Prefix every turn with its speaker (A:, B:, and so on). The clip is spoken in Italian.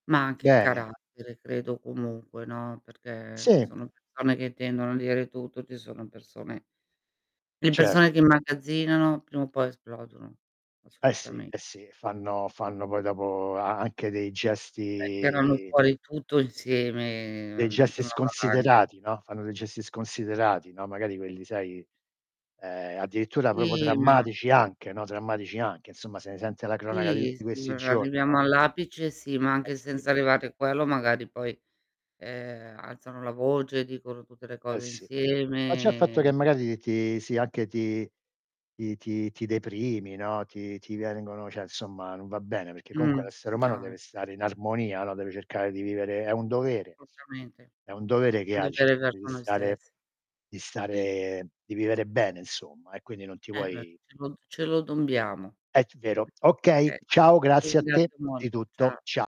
A: Ma anche il
B: Bene.
A: carattere credo comunque, no. Perché ci
B: Sì.
A: sono persone che tendono a dire tutto, ci sono persone le
B: Cert
A: persone che immagazzinano prima o poi esplodono,
B: Eh sì,
A: assolutame
B: eh sì, e fanno fanno poi dopo a anche dei
A: Beh, tirano
B: gesti
A: fuori tutto
B: dei
A: insieme,
B: gesti
A: diventa una valanga.
B: sconsiderati, no. Fanno dei gesti sconsiderati, no. Magari quelli sai, ehm, addirittura proprio
A: Sì, ma
B: drammatici anche, no. Drammatici anche, insomma, se ne sente la cronaca di
A: Sì,
B: tutti
A: se
B: questi giorni,
A: arriviamo
B: no.
A: all'apice sì, ma
B: Eh
A: anche
B: sì.
A: senza arrivare quello magari poi, ehm, alzano la voce, dicono tutte le
B: Eh
A: cose
B: sì. Ma già il fatto che
A: insieme
B: magari ti sì anche ti ti ti ti deprimi, no, ti ti vengono cioè insomma, non va bene perché comunque
A: Mh,
B: l'essere umano
A: no
B: deve stare in
A: infatti.
B: armonia, no. Deve cercare di vivere è un
A: Certo.
B: dovere.
A: Assolutamente.
B: È un dovere
A: È
B: che
A: un
B: ha di
A: dovere
B: cercare di
A: verso noi
B: stare
A: stess
B: di stare di vivere bene, insomma, e quindi non ti
A: Eh beh,
B: puoi
A: ce lo d ce lo dobbiamo.
B: È t vero. Okay,
A: Okay
B: ciao
A: ti
B: grazie a te
A: ringrazio mol
B: di tutto.
A: cia
B: Cia